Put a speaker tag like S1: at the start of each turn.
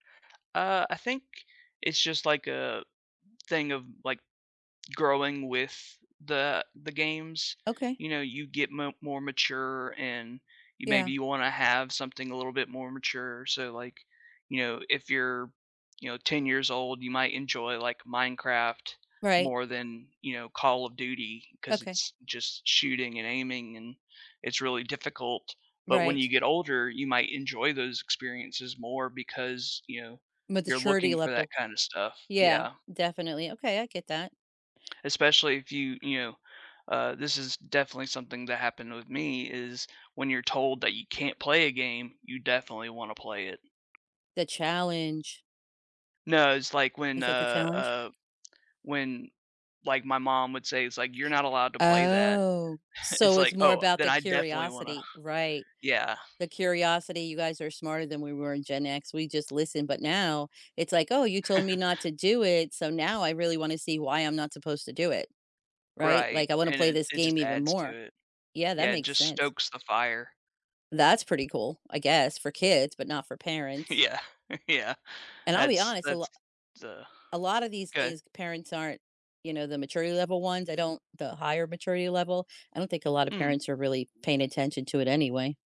S1: Uh, I think it's just, like, a thing of, like, growing with the the games.
S2: Okay.
S1: You know, you get mo more mature and you maybe
S2: Yeah.
S1: you wanna have something a little bit more mature so like, you know, if you're, you know, 10 years old, you might enjoy, like, Minecraft
S2: Right.
S1: more than, you know, Call of Duty, 'cause
S2: Okay.
S1: it's just shooting and aiming and it's really difficult, but when you
S2: Right.
S1: get older, you might enjoy those experiences more because, you know, you're
S2: Maturity
S1: looking for that
S2: level.
S1: kinda stuff.
S2: Yeah,
S1: Yeah.
S2: definitely, okay, I get that.
S1: Especially if you, you know uh, this is definitely something that happened with me is when you're told that you can't play a game, you definitely wanna play it.
S2: The challenge.
S1: No, it's, like, when,
S2: Is it the
S1: uh,
S2: challenge?
S1: uh when, like, my mom would say, it's like, "You're not allowed to play that."
S2: Oh,
S1: It's
S2: so it's
S1: like,
S2: more
S1: "Oh,
S2: about
S1: then
S2: the
S1: I definitely wanna"
S2: curiosity, right?
S1: yeah.
S2: The curiosity, you guys are smarter than we were in Gen X, we just listened, but now it's like, "Oh, you told me not to do it, so now I really wanna see why I'm not supposed to do it, right?
S1: Right,
S2: Like, I wanna
S1: and
S2: play
S1: it
S2: this
S1: it
S2: game
S1: just
S2: even
S1: adds to
S2: more."
S1: it.
S2: Yeah, that
S1: Yeah, it
S2: makes
S1: just
S2: sense.
S1: stokes the fire.
S2: That's pretty cool, I guess for kids, but not for parents.
S1: Yeah, yeah.
S2: And I'll be
S1: That's
S2: honest, a lot
S1: that's, uh,
S2: a lotta these
S1: okay.
S2: things, parents aren't you know, the maturity level ones, I don't the higher maturity level, I don't think a lotta
S1: Mm.
S2: parents are really paying attention to it anyway.